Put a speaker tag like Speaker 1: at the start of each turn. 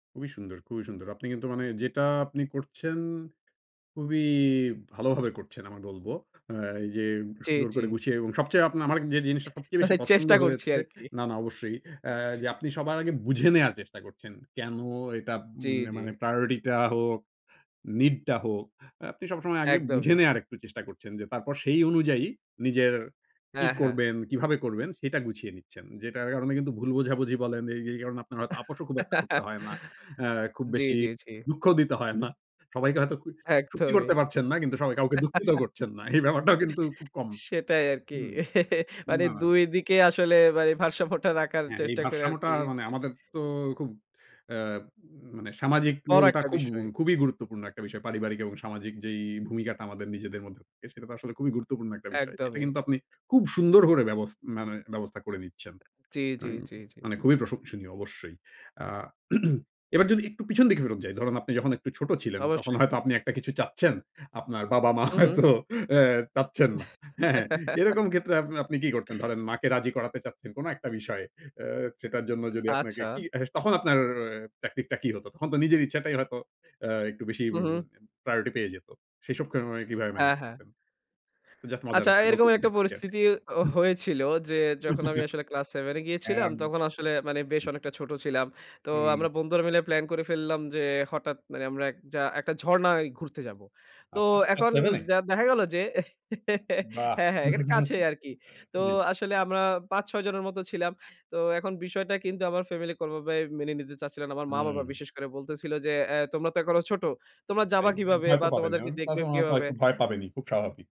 Speaker 1: খুবই সুন্দর, খুবই সুন্দর। আপনি কিন্তু মানে যেটা আপনি করছেন খুবই ভালোভাবে করছেন আমি বলবো। আ এই যে
Speaker 2: জি,
Speaker 1: সুন্দর
Speaker 2: জি।
Speaker 1: করে গুছিয়ে এবং সবচেয়ে আপনার আমার যে জিনিসটা সবচেয়ে বেশি
Speaker 2: মানে
Speaker 1: পছন্দ
Speaker 2: চেষ্টা করছি
Speaker 1: হয়েছে
Speaker 2: আরকি।
Speaker 1: না, না অবশ্যই। আ যে আপনি সবার আগে বুঝে নেয়ার চেষ্টা করছেন। কেনো এটা
Speaker 2: জি,
Speaker 1: উম
Speaker 2: জি।
Speaker 1: মানে প্রায়োরিটি টা হোক, নিডটা হোক। আপনি সবসময় আগে বুঝে
Speaker 2: একদমই।
Speaker 1: নেয়ার একটু চেষ্টা করছেন যে, তারপর সেই অনুযায়ী নিজের কি
Speaker 2: হ্যাঁ, হ্যাঁ।
Speaker 1: করবেন, কিভাবে করবেন? সেটা গুছিয়ে নিচ্ছেন। যেটার কারণে কিন্তু ভুল বোঝাবুঝি বলেন যে, এই কারণে আপনার হয়তো আপোসও খুব একটা করতে হয় না। আ খুব
Speaker 2: জি,
Speaker 1: বেশি
Speaker 2: জি, জি।
Speaker 1: দুঃখও দিতে হয় না। সবাইকে হয়তো খু সুখী
Speaker 2: একদমই।
Speaker 1: করতে পারছেন না, কিন্তু সবাই কাউকে দুঃখিতও করছেন না। এই ব্যাপারটাও কিন্তু খুব কম
Speaker 2: সেটাই আরকি।
Speaker 1: হুম।
Speaker 2: মানে
Speaker 1: না।
Speaker 2: ২ দিকে আসলে ভাই ভারসাম্য রাখার
Speaker 1: হ্যাঁ, এই
Speaker 2: চেষ্টা করি
Speaker 1: ভারসাম্যটা
Speaker 2: আরকি। এ
Speaker 1: মানে আমাদের তো খুব আ উম
Speaker 2: উ
Speaker 1: মানে সামাজিক
Speaker 2: বড়
Speaker 1: রোল টা
Speaker 2: একটা
Speaker 1: খুব
Speaker 2: বিষয়।
Speaker 1: গুম খুবই
Speaker 2: হু।
Speaker 1: গুরুত্বপূর্ণ একটা বিষয়। পারিবারিক এবং সামাজিক যেই ভূমিকাটা আমাদের নিজেদের মধ্যে থাকে, সেটা তো আসলে খুবই গুরুত্বপূর্ণ একটা বিষয়। এটা
Speaker 2: একদমই।
Speaker 1: কিন্তু আপনি খুব সুন্দর করে ব্যবস মানে ব্যবস্থা করে নিচ্ছেন,
Speaker 2: জি, জি,
Speaker 1: হুম।
Speaker 2: জি, জি।
Speaker 1: মানে খুবই প্রশংসনীয় অবশ্যই। আ এবার যদি একটু পিছন দিকে ফেরত যাই, ধরুন আপনি যখন একটু ছোট ছিলেন তখন
Speaker 2: অবশ্যই।
Speaker 1: হয়তো আপনি একটা কিছু চাচ্ছেন। আপনার বাবা-মা
Speaker 2: হুম, হুম।
Speaker 1: হয়তো আ চাচ্ছেন না। হ্যাঁ? এরকম ক্ষেত্রে আপনে আপনি কি করতেন? ধরেন মাকে রাজি করাতে চাচ্ছেন কোনো একটা বিষয়ে। আ সেটার জন্য যদি আপনাকে কি
Speaker 2: আচ্ছা।
Speaker 1: তখন আপনার ট্যাকটিক টা কি হতো? তখন তো নিজের ইচ্ছাটাই হয়তো আ একটু বেশি এম
Speaker 2: হুম, হুম।
Speaker 1: প্রায়োরিটি পেয়ে যেত। সেসব কারণে কিভাবে
Speaker 2: হ্যাঁ,
Speaker 1: মেনেজ
Speaker 2: হ্যাঁ।
Speaker 1: করতেন? জাস্ট মজার
Speaker 2: আচ্ছা,
Speaker 1: একটা গল্প
Speaker 2: এরকম
Speaker 1: বলুন।
Speaker 2: একটা
Speaker 1: জি।
Speaker 2: পরিস্থিতি ও হয়েছিল যে, যখন আমি আসলে ক্লাস 7 এ গিয়েছিলাম
Speaker 1: হ্যাঁ। আম
Speaker 2: তখন আসলে মানে বেশ অনেকটা ছোট ছিলাম। তো
Speaker 1: হুম।
Speaker 2: আমরা বন্ধুরা মিলে প্ল্যান করে ফেললাম যে, হঠাৎ মানে আমরা একযা একটা ঝর্ণায় ঘুরতে যাবো। তো
Speaker 1: আচ্ছা, ক্লাস
Speaker 2: এখন
Speaker 1: 7 এ?
Speaker 2: যা দেখা গেল যে
Speaker 1: বাহ!
Speaker 2: হ্যাঁ, হ্যাঁ এখানে কাছেই আরকি। তো
Speaker 1: জি।
Speaker 2: আসলে আমরা ৫-৬ জনের মত ছিলাম। তো এখন বিষয়টা কিন্তু আমার ফ্যামিলিতে ওভাবে মেনে নিতে চাচ্ছিল না। আমার মা-বাবা
Speaker 1: হুম।
Speaker 2: বিশেষ করে বলতেছিল যে, আ "তোমরা তো এখনো ছোট। তোমরা যাবা
Speaker 1: তাই না? তো
Speaker 2: কিভাবে
Speaker 1: ভয় তো
Speaker 2: বা
Speaker 1: পাবেন।
Speaker 2: তোমাদেরকে
Speaker 1: এবং প্লাস
Speaker 2: দেখবে
Speaker 1: ওনারা তো
Speaker 2: কিভাবে?"
Speaker 1: একটু ভয় পাবেনই। খুব স্বাভাবিক।